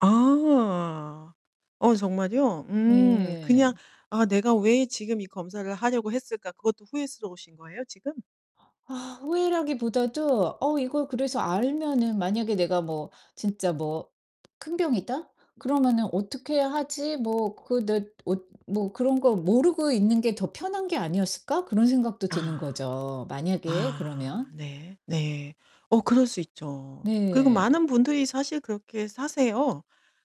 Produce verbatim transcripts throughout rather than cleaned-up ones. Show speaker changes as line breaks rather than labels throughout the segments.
아. 어 정말이요? 음 그냥
네.
'아 내가 왜 지금 이 검사를 하려고 했을까?' 그것도 후회스러우신 거예요 지금?
아 후회라기보다도 '어 이거 그래서 알면은 만약에 내가 뭐 진짜 뭐 큰 병이다 그러면은 어떻게 하지?' 뭐 그 내 엇 '뭐 그런 거 모르고 있는 게 더 편한 게 아니었을까?' 그런 생각도 드는
아.
거죠 만약에
아.
그러면.
네. 네. 어 그럴 수 있죠. 그리고
네.
많은 분들이 사실 그렇게 사세요.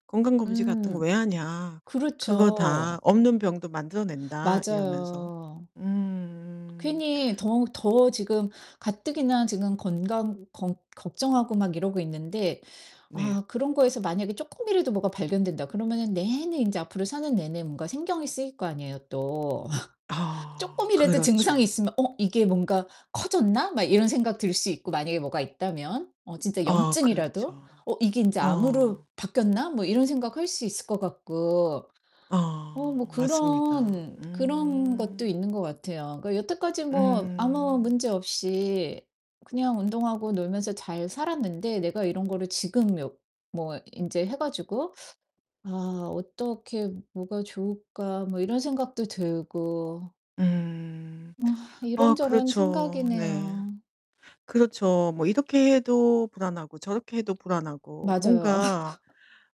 '건강검진 같은 거
음.
왜 하냐? 그거 다
그렇죠.
없는 병도 만들어 낸다.' 이러면서.
맞아요.
음.
괜히 더 더 지금 가뜩이나 지금 건강 겅 걱정하고 막 이러고 있는데
네.
아 '그런 거에서 만약에 쪼끔이라도 뭐가 발견된다.' 그러면은 내내 인제 앞으로 사는 내내 뭔가 신경이 쓰일 거 아니에요 또.
아
쪼끔이라도 증상이
그렇죠.
있으면 '어 이게 뭔가 커졌나?' 막 이런 생각 들 수 있고 만약에 뭐가 있다면 어 진짜
아
염증이라도
그렇죠.
'어 이게 인제 암으로
어.
바뀌었나?' 뭐 이런 생각할 수 있을 것 같고 어 뭐
어 맞습니다.
그런 그런 것도
음.
있는 것 같아요. 그 여태까지 뭐 아무
음.
문제 없이 그냥 운동하고 놀면서 잘 살았는데 '내가 이런 거를 지금 묘 뭐 인제 해 가지고 아 어떻게 뭐가 좋을까?' 뭐 이런 생각도 들고
음.
어
아
이런저런
그렇죠. 네.
생각이네요.
그렇죠. 뭐 이렇게 해도 불안하고 저렇게 해도 불안하고
맞아요.
뭔가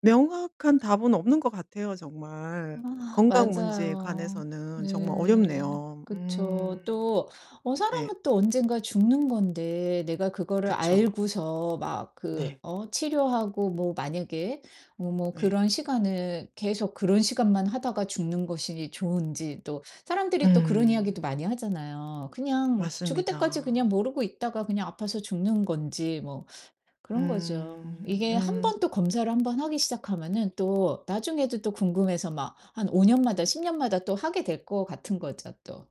명확한 답은 없는 것 같아요 정말.
아
건강 문제에
맞아요.
관해서는 정말
네.
어렵네요.
그쵸.
음.
또 어
네.
사람은 또 언젠가 죽는 건데 내가 그거를
그쵸.
알고서 막 그
네.
어 치료하고 뭐 만약에 어 뭐
네.
그런 시간을 계속 그런 시간만 하다가 죽는 것이 좋은지 또 사람들이 또 그런 이야기도
음.
많이 하잖아요. 그냥 죽을 때까지 그냥
맞습니다.
모르고 있다가 그냥 아파서 죽는 건지 뭐 그런 거죠.
음.
이게
음.
한번 또 검사를 한번 하기 시작하면은 또 나중에도 또 궁금해서 막 한 오 년마다, 십 년마다 또 하게 될 것 같은 거죠 또.